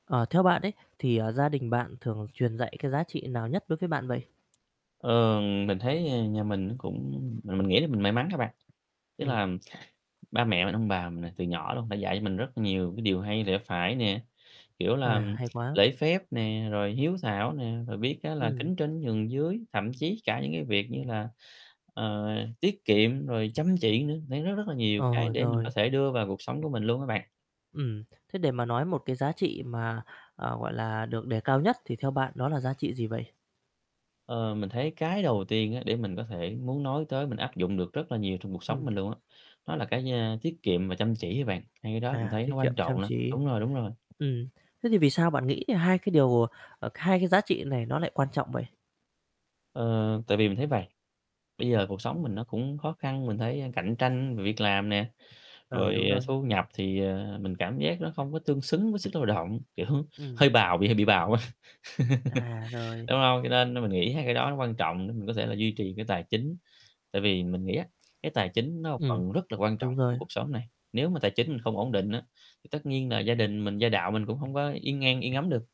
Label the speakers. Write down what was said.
Speaker 1: Ờ, theo bạn ấy thì, à, gia đình bạn thường truyền dạy cái giá trị nào nhất đối với bạn vậy?
Speaker 2: Ờ, mình thấy nhà mình nó cũng mà mình nghĩ là mình may mắn á bạn. Tức
Speaker 1: Ừm.
Speaker 2: là ba mẹ mình, ông bà mình là từ nhỏ luôn đã dạy cho mình rất nhiều cái điều hay lẽ phải nè, kiểu là,
Speaker 1: À,
Speaker 2: ừm,
Speaker 1: hay quá!
Speaker 2: lễ phép nè, rồi hiếu thảo nè, rồi biết á là
Speaker 1: Ừm.
Speaker 2: kính trên nhường dưới, thậm chí cả những cái việc như là, ờ, tiết kiệm rồi chăm chỉ nữa. Đấy, rất, rất là nhiều cái
Speaker 1: Ờ,
Speaker 2: để mình có
Speaker 1: rồi.
Speaker 2: thể đưa vào cuộc sống của mình luôn á bạn.
Speaker 1: Ừm, thế để mà nói một cái giá trị mà, à, gọi là, được đề cao nhất thì theo bạn đó là giá trị gì vậy?
Speaker 2: Ờ, mình thấy cái đầu tiên á để mình có thể muốn nói tới, mình áp dụng được rất là nhiều trong cuộc sống
Speaker 1: Ừm.
Speaker 2: mình luôn á, đó là, cái, a, tiết kiệm và chăm chỉ á bạn. Hai cái đó mình
Speaker 1: À,
Speaker 2: thấy
Speaker 1: tiết
Speaker 2: nó
Speaker 1: kiệm,
Speaker 2: quan trọng
Speaker 1: chăm
Speaker 2: lắm.
Speaker 1: chỉ.
Speaker 2: Đúng rồi, đúng rồi.
Speaker 1: Ừm, thế thì vì sao bạn nghĩ hai cái điều ờ, hai cái giá trị này nó lại quan trọng vậy?
Speaker 2: Ờ, tại vì mình thấy vầy, bây giờ cuộc sống mình nó cũng khó khăn, mình thấy, ơ, cạnh tranh về việc làm nè,
Speaker 1: Ừ,
Speaker 2: rồi,
Speaker 1: đúng
Speaker 2: ờ,
Speaker 1: rồi.
Speaker 2: thu nhập thì, ờ, mình cảm giác nó không có tương xứng với sức lao động, kiểu,
Speaker 1: Ừm.
Speaker 2: hơi bào, bị hơi bị bào á,
Speaker 1: À, rồi.
Speaker 2: đúng hông? Cho nên nên mình nghĩ hai cái đó nó quan trọng để mình có thể là duy trì cái tài chính. Tại vì mình nghĩ á, cái tài chính nó một
Speaker 1: Ừm,
Speaker 2: phần rất là quan trọng
Speaker 1: đúng
Speaker 2: của
Speaker 1: rồi.
Speaker 2: cuộc sống này. Nếu mà tài chính mình không ổn định á thì tất nhiên là gia đình mình, gia đạo mình cũng hông có yên an, yên ấm được.